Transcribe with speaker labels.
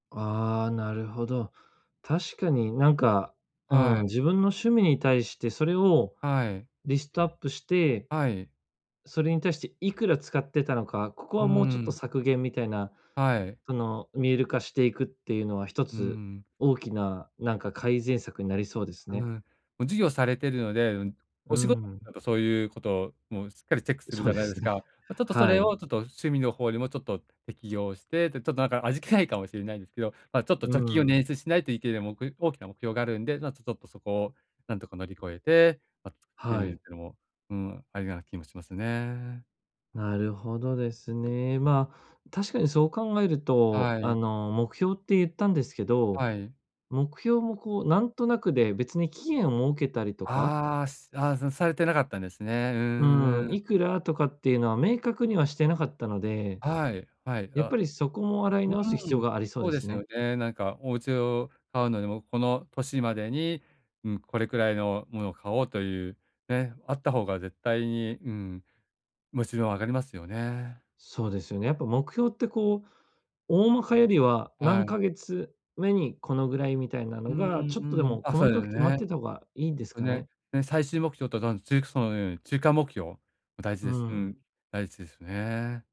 Speaker 1: ああ、なるほど。確かになんか、う
Speaker 2: は
Speaker 1: ん、
Speaker 2: い。
Speaker 1: 自分の趣味に対してそれを
Speaker 2: はい。
Speaker 1: リストアップして、
Speaker 2: はい。
Speaker 1: それに対していくら使ってたのかここ
Speaker 2: うー
Speaker 1: はもうちょっと
Speaker 2: ん。
Speaker 1: 削減みたいな、
Speaker 2: はい。
Speaker 1: その、見える化していくっていうのは、一
Speaker 2: うー
Speaker 1: つ
Speaker 2: ん。
Speaker 1: 大きな、なんか改善策になりそうです
Speaker 2: う
Speaker 1: ね。
Speaker 2: ん、も、事業されてるので、うん、
Speaker 1: うー
Speaker 2: お仕事
Speaker 1: ん。
Speaker 2: だとそういうこともしっかりチェックする
Speaker 1: そ
Speaker 2: じ
Speaker 1: う
Speaker 2: ゃ
Speaker 1: で
Speaker 2: ないで
Speaker 1: す
Speaker 2: す
Speaker 1: ね。
Speaker 2: か、ちょちょっとそ
Speaker 1: は
Speaker 2: れ
Speaker 1: い。
Speaker 2: を、ちょっと趣味の方にもちょっと適用して、で、ちょっとなんか味気ないかもしれないんですけど、まあ、ちょっと
Speaker 1: う
Speaker 2: 貯金を
Speaker 1: ん、うん。
Speaker 2: 捻出しないといけない、もく大きな目標があるんで、な、ちょちょっとそこをなんとか乗り越えて、ま、作ってみ
Speaker 1: は
Speaker 2: るってい
Speaker 1: い。
Speaker 2: うのも、うーん、ありな気もしますね。
Speaker 1: なるほどですね。まあ、確かにそう考えると、
Speaker 2: は
Speaker 1: あ
Speaker 2: い。
Speaker 1: の、目標ってゆったんですけど、
Speaker 2: はい。
Speaker 1: 目標もこうなんとなくで別に期限を設けたりとか
Speaker 2: ああ、すあ、そ、されてなかったんですね、うん、
Speaker 1: う
Speaker 2: う
Speaker 1: ん、
Speaker 2: ー
Speaker 1: い
Speaker 2: ん。
Speaker 1: くらとかっていうのは明確にはしてなかったので、
Speaker 2: はい。はい、
Speaker 1: やっ
Speaker 2: あ、
Speaker 1: ぱりそこも洗い
Speaker 2: う
Speaker 1: 直す必
Speaker 2: ー
Speaker 1: 要
Speaker 2: ん、
Speaker 1: がありそう
Speaker 2: そ
Speaker 1: で
Speaker 2: うで
Speaker 1: す
Speaker 2: すよ
Speaker 1: ね。
Speaker 2: ね、なんかおうちを買うのでも、この年までに、ん、これくらいのもの買おうという、ね、あった方が絶対に、うーん、モチベも上がりますよね。
Speaker 1: そうですよね。やっぱ目標ってこう、大まかよりは
Speaker 2: は
Speaker 1: 何
Speaker 2: い。
Speaker 1: ヶ月目にこのぐらいみたいな
Speaker 2: う
Speaker 1: の
Speaker 2: んう
Speaker 1: が、ちょっとで
Speaker 2: んうん、
Speaker 1: も
Speaker 2: あ、
Speaker 1: 細
Speaker 2: そうで
Speaker 1: かく
Speaker 2: す
Speaker 1: 決まっ
Speaker 2: ね。
Speaker 1: てた方がいいんです
Speaker 2: お
Speaker 1: か
Speaker 2: ね
Speaker 1: ね？
Speaker 2: ね、最終目標と、その、ちゅうくそうのように、中間目標大事
Speaker 1: うー
Speaker 2: です。う
Speaker 1: ん。
Speaker 2: ん、大事ですね。